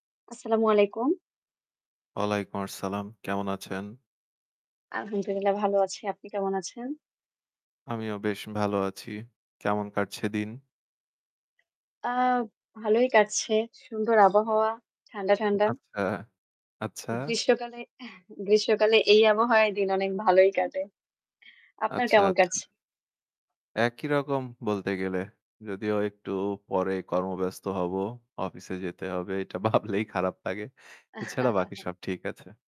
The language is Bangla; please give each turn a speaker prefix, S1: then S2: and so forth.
S1: আসসালামু আলাইকুম।
S2: ওয়ালাইকুম আসসালাম। কেমন আছেন?
S1: আলহামদুলিল্লাহ ভালো আছি। আপনি কেমন আছেন?
S2: আমিও বেশ ভালো আছি। কেমন কাটছে দিন?
S1: আ ভালই কাটছে। সুন্দর আবহাওয়া। ঠান্ডা,
S2: ও
S1: ঠান্ডা।
S2: আচ্ছা, আচ্ছা।
S1: গ্রীষ্মকালে, এহ গ্রীষ্মকালে এই আবহাওয়ায় দিন অনেক ভালোই কাটে। আপনার
S2: আচ্ছা,
S1: কেমন
S2: আচ্ছা।
S1: কাটছে?
S2: একই রকম বলতে গেলে। যদিও একটু পরে কর্মব্যস্ত হব অফিসে যেতে হবে, এটা ভাবলেই খারাপ লাগে। এছাড়া বাকি সব ঠিক আছে।